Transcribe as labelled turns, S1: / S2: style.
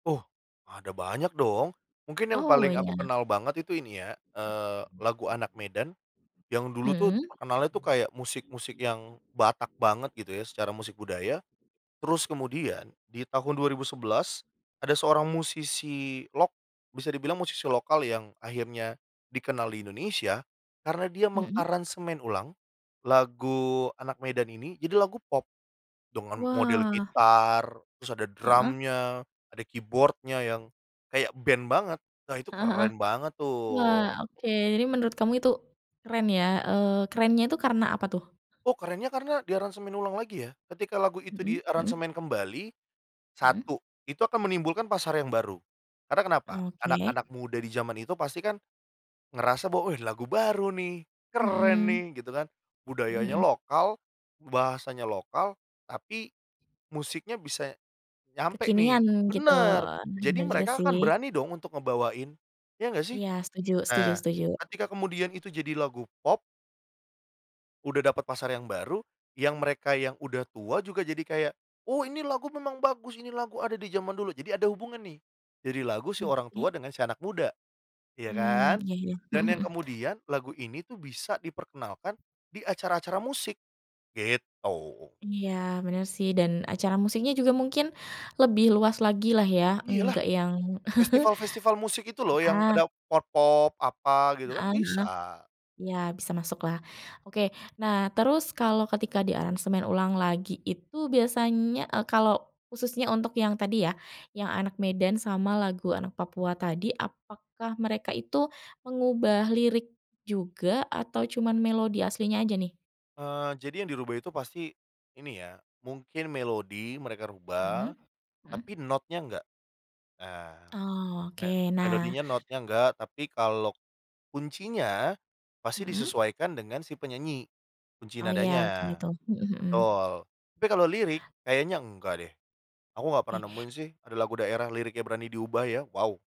S1: Oh, ada banyak dong. Mungkin yang
S2: Oh,
S1: paling aku
S2: iya.
S1: kenal banget itu ini ya, eee, lagu Anak Medan yang dulu tuh
S2: Mhm.
S1: terkenalnya tuh kayak musik-musik yang Batak banget gitu ya, secara musik budaya. Terus kemudian, di tahun 2011, ada seorang musisi lok bisa dibilang musisi lokal yang akhirnya dikenal di Indonesia, karena dia
S2: Mhm.
S1: mengaransemen ulang lagu Anak Medan ini jadi lagu pop, dengan model
S2: Wah.
S1: gitar, terus ada
S2: Heeh.
S1: drumnya, ada keyboard-nya yang kayak band banget, wah itu
S2: Heeh heeh.
S1: keren banget
S2: Wah
S1: tuh.
S2: oke, jadi menurut kamu itu, keren ya, eee, kerennya itu karena apa tuh?
S1: Oh kerennya karena diaransemen ulang lagi ya, ketika lagu itu
S2: Mhm mhm.
S1: diaransemen kembali,
S2: Mhm.
S1: 1, itu akan menimbulkan pasar yang baru, karena kenapa?
S2: Oke.
S1: Anak-anak muda di zaman itu pasti kan ngerasa bahwa, "Eh lagu baru nih, keren
S2: Mhm.
S1: nih!" gitu kan.
S2: Mhm
S1: Budayanya
S2: mhm.
S1: lokal, bahasanya lokal, tapi musiknya bisa nyampe
S2: Kekinian
S1: nih.
S2: gitu,
S1: Bener. Jadi
S2: bener juga
S1: mereka
S2: sih.
S1: akan berani dong untuk ngebawain, ya nggak sih?
S2: Iya, setuju setuju
S1: Nah,
S2: setuju.
S1: ketika kemudian itu jadi lagu pop udah dapat pasar yang baru, yang mereka yang udah tua juga jadi kayak, "Oh ini lagu memang bagus, ini lagu ada di zaman dulu!" jadi ada hubungan nih, jadi lagu si orang tua
S2: Oke.
S1: dengan si anak muda, iya
S2: Mmm,
S1: kan?
S2: iya iya. Mhm
S1: Dan yang
S2: mhm.
S1: kemudian lagu ini tuh bisa diperkenalkan di acara-acara musik, gitu.
S2: Iya bener sih, dan acara musiknya juga mungkin lebih luas lagi lah ya
S1: Iya lah.
S2: enggak yang
S1: Festival-festival musik itu loh yang
S2: heeh.
S1: ada pop-pop, apa, gitu kan
S2: Heeh, noh
S1: bisa.
S2: ya bisa masuklah. Oke, nah terus kalau ketika diaransemen ulang lagi itu biasanya, eee, kalau khususnya untuk yang tadi ya, yang Anak Medan sama lagu Anak Papua tadi apakah mereka itu mengubah lirik juga atau cuman melodi aslinya aja nih?
S1: Eee, jadi yang dirubah itu pasti ini ya, mungkin melodi mereka rubah,
S2: Mhm,
S1: tapi
S2: mhm.
S1: notnya enggak, eee,
S2: Oh
S1: ne
S2: oke, nah
S1: melodinya, notnya enggak, tapi kalau kuncinya pasti
S2: Mhm.
S1: disesuaikan dengan si penyanyi, kunci
S2: Oh ya, kan
S1: nadanya.
S2: itu mhm mhm.
S1: Betul, tapi kalau lirik kayaknya enggak deh. Aku nggak
S2: Oke.
S1: pernah nemuin sih ada lagu daerah liriknya berani diubah ya, wow.